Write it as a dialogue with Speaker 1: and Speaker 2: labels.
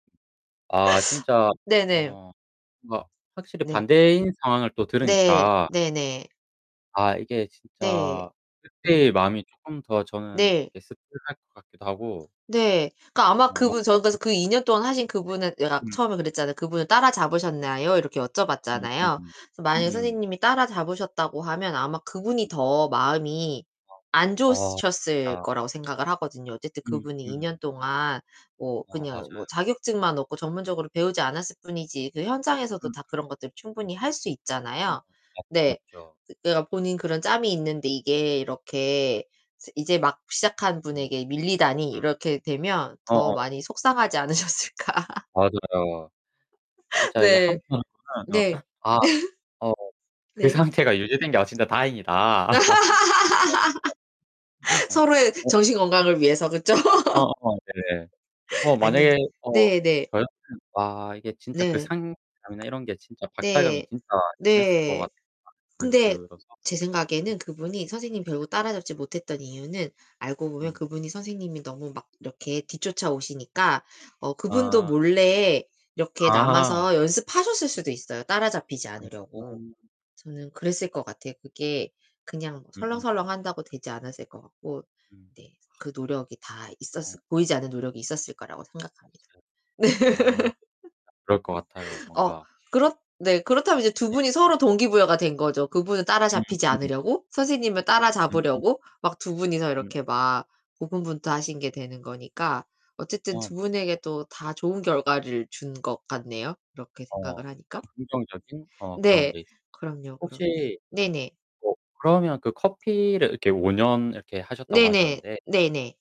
Speaker 1: 아, 진짜.
Speaker 2: 네네.
Speaker 1: 어 뭔가 확실히
Speaker 2: 네.
Speaker 1: 반대인 상황을 또
Speaker 2: 네.
Speaker 1: 들으니까
Speaker 2: 네네.
Speaker 1: 아, 이게
Speaker 2: 네.
Speaker 1: 진짜 그때의
Speaker 2: 음.
Speaker 1: 마음이 쪼끔 더 저는
Speaker 2: 네.
Speaker 1: 이게 씁쓸할 것 같기도 하고
Speaker 2: 네, 그러니까 아마
Speaker 1: 어
Speaker 2: 그분 저 그래서
Speaker 1: 뭔가 [unintelligible]
Speaker 2: 그 2 년 동안 하신 그분은 내가
Speaker 1: 음.
Speaker 2: 처음에 그랬잖아요. "그분을 따라 잡으셨나요?" 이렇게
Speaker 1: 음.
Speaker 2: 여쭤봤잖아요. 그래서 만약에
Speaker 1: 음음.
Speaker 2: 선생님이 따라 잡으셨다고 하면 아마 그분이
Speaker 1: 음.
Speaker 2: 더 마음이 안
Speaker 1: 아 어
Speaker 2: 좋으셨을
Speaker 1: [unintelligible]
Speaker 2: 거라고 생각을 하거든요. 어쨌든
Speaker 1: 음
Speaker 2: 그분이 2 년
Speaker 1: 음.
Speaker 2: 동안 뭐
Speaker 1: 아
Speaker 2: 그냥 뭐
Speaker 1: 맞아요.
Speaker 2: 자격증만 없고 전문적으로 배우지 않았을 뿐이지 그 현장에서도
Speaker 1: 음.
Speaker 2: 다 그런 것들 충분히 할 수
Speaker 1: 어 맞
Speaker 2: 있잖아요. 네.
Speaker 1: 맞죠.
Speaker 2: 내가 본인 그런 짬이 있는데 이게 이렇게 스 '이제 막 시작한
Speaker 1: 음. 네.
Speaker 2: 분에게 밀리다니.' 이렇게 되면 더
Speaker 1: 어어. [unintelligible]
Speaker 2: 많이 속상하지 않으셨을까
Speaker 1: 맞아요. 진짜 이게
Speaker 2: 네.
Speaker 1: [unintelligible] 어
Speaker 2: 네.
Speaker 1: 아 어 '그
Speaker 2: 네.
Speaker 1: 상태가 유지된 게 아 진짜 다행이다.' [unintelligible] 어.
Speaker 2: 서로의
Speaker 1: 어.
Speaker 2: 정신 건강을 위해서, 그쵸?
Speaker 1: 어어 네네. 어
Speaker 2: 아니
Speaker 1: 만약에 어
Speaker 2: 네네.
Speaker 1: 저요? 어. 아 이게 진짜 그
Speaker 2: 네.
Speaker 1: 상실감이나 이런 게 진짜 박탈감이
Speaker 2: 네.
Speaker 1: 진짜 심했을 것
Speaker 2: 네.
Speaker 1: 같다는 생각이
Speaker 2: 근데
Speaker 1: 들어서
Speaker 2: 제
Speaker 1: 음.
Speaker 2: 생각에는 그분이 선생님 결국 따라잡지 못했던 이유는 알고 보면
Speaker 1: 음.
Speaker 2: 그분이 선생님이 너무 막 이렇게 뒤쫓아오시니까 어 그분도
Speaker 1: 아.
Speaker 2: 몰래 이렇게
Speaker 1: 아.
Speaker 2: 남아서 연습하셨을 수도 있어요, 따라잡히지 않으려고.
Speaker 1: [unintelligible]
Speaker 2: 저는 그랬을 것 같아요. 그게 그냥
Speaker 1: 음음.
Speaker 2: 설렁설렁한다고 되지 않았을 것 같고
Speaker 1: 음.
Speaker 2: 네, 그 노력이 다 있었을
Speaker 1: 어.
Speaker 2: 보이지 않는 노력이 있었을 거라고 생각합니다.
Speaker 1: [unintelligible]
Speaker 2: 네.
Speaker 1: 아, 그럴 것 같아요.
Speaker 2: 어,
Speaker 1: 뭔가.
Speaker 2: 그렇 네, 그렇다면 이제 2
Speaker 1: 네.
Speaker 2: 분이 서로 동기부여가 된 거죠. 그분은 따라잡히지
Speaker 1: 음.
Speaker 2: 않으려고 선생님을
Speaker 1: 음.
Speaker 2: 따라잡으려고 막 2 분이서
Speaker 1: 음.
Speaker 2: 이렇게 막 고군분투하신 게 되는 거니까 어쨌든
Speaker 1: 어,
Speaker 2: 2 분에게
Speaker 1: 맞습니다.
Speaker 2: 또 다 좋은
Speaker 1: 음.
Speaker 2: 결과를 준 것 같네요 이렇게
Speaker 1: 어
Speaker 2: 생각을
Speaker 1: 그니까
Speaker 2: 하니까.
Speaker 1: 긍정적인 어 그런
Speaker 2: 네.
Speaker 1: 게
Speaker 2: 그럼요, 그럼요.
Speaker 1: 혹시
Speaker 2: 네네.
Speaker 1: 어 그러면 그 커피를 이렇게 5 년 이렇게 하셨다고
Speaker 2: 네네.
Speaker 1: 하셨는데
Speaker 2: 네네.